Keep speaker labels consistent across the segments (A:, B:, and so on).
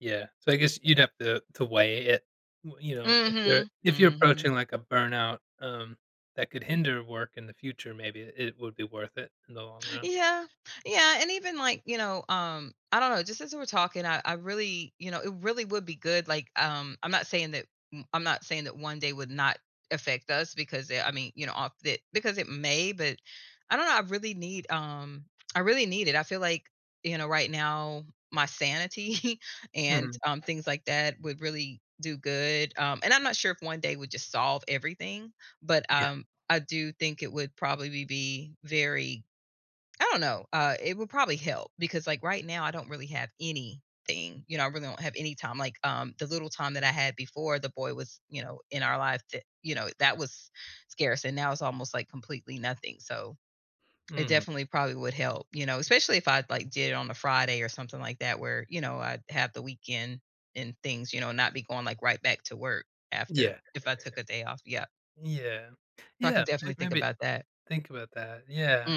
A: Yeah, so I guess you'd have to to weigh it. W you know, if you're
B: Mhm,
A: if you're
B: mhm.
A: approaching, like, a burnout, um, that could hinder work in the future, maybe it would be worth it in the long run.
B: Yeah, yeah, and even like, you know, um, I dunno, just as we're talking, I I really, you know, it really would be good, like, um I'm not saying that m I'm not saying that 1 day would not affect us because i I mean, you know, ob tha because it may, but I don't know, I really need, um, I really need it. I feel like, you know, right now my sanity and,
A: Mhm.
B: um, things like that would really do good, um and I'm not sure if 1 day would just solve everything, but,
A: Yeah.
B: um, I do think it would probably be very, I don't know, uh, it would probably help because like right now I don't really have anything, you know, I really don't have any time. Like, um, the little time that I had before the boy was, you know, in our life, th you know, that was scarce and now it's almost, like, completely nothing. So, it
A: Mhm.
B: definitely probably would help, you know, especially if I'd, like, did it on a Friday or something like that where, you know, I'd have the weekend and things, you know, not be going, like, right back to work after
A: Yeah.
B: if I took a day off. Yeah.
A: Yeah,
B: So, I can
A: yeah,
B: definitely
A: may
B: think
A: maybe
B: about that.
A: think about that, yeah.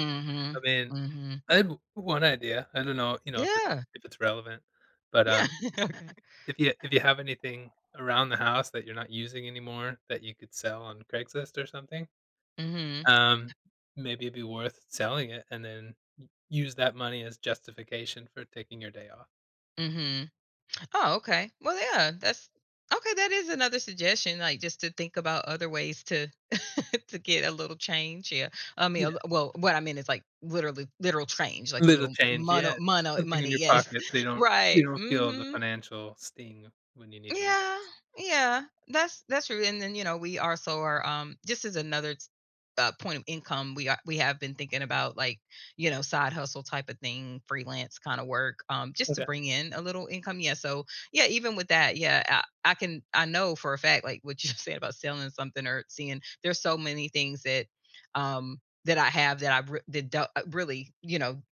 A: I mean,
B: mhm.
A: I have 1 idea. I don't know, you know, if it's
B: Yeah.
A: if it's relevant. But, um,
B: Yeah.
A: if you if you have anything around the house that you're not using anymore that you could sell on Craigslist or something,
B: Mhm.
A: um, maybe it'd be worth selling it and then u use that money as justification for taking your day off.
B: Mhm. Oh, okay. Well, yeah, that's okay, that is another suggestion, like, just to think about other ways to to get a little change here. I mean,
A: Yeah.
B: a well, what I mean is like literally literal change, a
A: Little
B: little
A: change, yeah;
B: mono mono
A: something in
B: money.
A: your
B: Yes
A: pocket so you don't you
B: right,
A: don't feel the
B: mhm.
A: financial sting when you need to
B: Yeah,
A: relax.
B: yeah. That's that's true, and then, you know, we also are, um just as another, uh, point of income, we are we have been thinking about, like, you know, side hustle type of thing, freelance kind of work, um, just to
A: Okay.
B: bring in a little income, yeah, so, yeah, even with that, yeah, I I can I know for a fact, like what you said about selling something or seeing there's so many things that, um, that I have that I've re that do really, you know,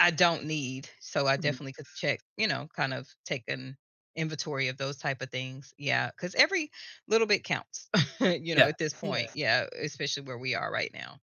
B: I don't need. So, I
A: Mhm.
B: definitely could check, you know? Kind of take an inventory of those type of things. Yeah, 'cause every little bit counts, you know,
A: Yeah,
B: at this
A: yeah.
B: point. Yeah, especially where we are right now.